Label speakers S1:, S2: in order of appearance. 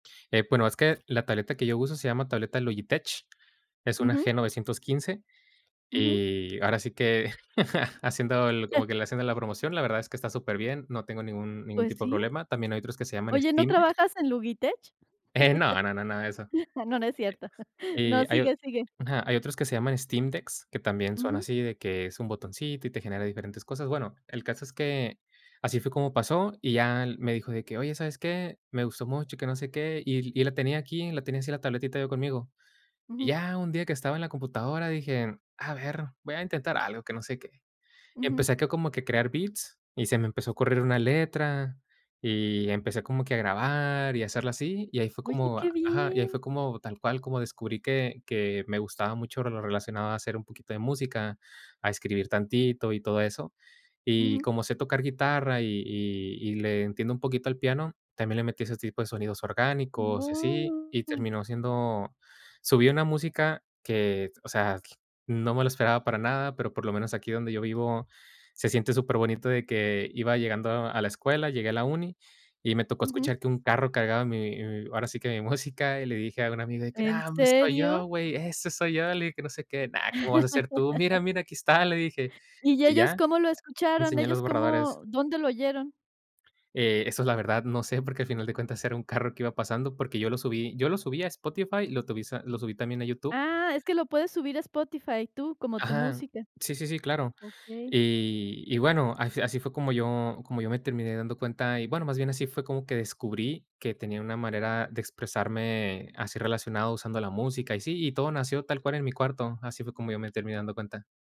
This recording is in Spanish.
S1: Eh, bueno, es que la tableta que yo uso se llama tableta Logitech, es una
S2: Ujú.
S1: G915,
S2: Ujú.
S1: eh, y ahora sí que haciendo el como que le hacen de la promoción, la verdad es que está superbién, no tengo ningún ningún
S2: Pues
S1: tipo de
S2: sí.
S1: problema. También hay otros que se llaman
S2: Oye, ¿no
S1: Steam
S2: trabajas en Logitech?
S1: Eh, no, no, nada de eso.
S2: Ah, no, no es cierto.
S1: Eh,
S2: No,
S1: y hay o
S2: sigue, sigue.
S1: ajá, hay otros que se llaman Steam Decks, que también son
S2: Ujú.
S1: así de que es un botoncito y te genera diferentes cosas. Bueno, el caso es que así fue como pasó y ya él me dijo de que: "Oye, ¿sabes qué? Me gustó mucho, que no sé qué", y l y la tenía aquí, la tenía así la tabletita yo conmigo. Y
S2: Ujú.
S1: ya un día que estaba en la computadora, dije: "A ver, voy a intentar algo", que no sé qué.
S2: Ujú.
S1: Empecé acá como que crear beats y se me empezó a ocurrir una letra y empecé como que a grabar y hacerla así, y ahí fue
S2: Oye,
S1: como
S2: ¡qué
S1: ajá, y ahí
S2: bien!
S1: fue como tal cual como descubrí que que me gustaba mucho lo relacionado a hacer un poquito de música, a escribir tantito y todo eso. Y
S2: Ujú.
S1: como sé tocar guitarra y y y le entiendo un poquito al piano, también le metí ese tipo de sonidos orgánicos y así, y
S2: ¡Guau!
S1: terminó siendo subí una música que, o sea, no me lo esperaba para nada, pero por lo menos aquí donde yo vivo se siente superbonito de que iba llegando a la escuela, llegué a la uni y me tocó
S2: Ujú.
S1: escuchar que un carro cargaba mi y ahora sí que mi música y le dije a un amigo de que:
S2: ¿En
S1: "¡Ah! ¿Dónde estoy
S2: serio?
S1: yo güey? Ese soy yo", le dije, que no sé qué, "no, ¿cómo vas a ser tú? 'Mira, mira, aquí está'", le dije
S2: ¿Y
S1: y ya,
S2: ellos cómo lo
S1: le
S2: escucharon?
S1: enseñé los
S2: ¿Ellos
S1: borradores.
S2: cómo? ¿Dónde lo oyeron?
S1: Eh, eso, la verdad, no sé, porque a final de cuentas era un carro que iba pasando, porque yo lo subí yo lo subí a Spotify y lo tubí lo subí también a YouTube.
S2: Ah, es que lo puedes subir a Spotify tú, como tu
S1: Ajá,
S2: música.
S1: sí, sí, sí, claro.
S2: Okey.
S1: Y y bueno, al fi así fue como yo como yo me terminé dando cuenta y, bueno, más bien así fue como que descubrí que tenía una manera de expresarme así relacionado usando la música y sí, y todo nació tal cual en mi cuarto, así fue como yo me terminé dando cuenta.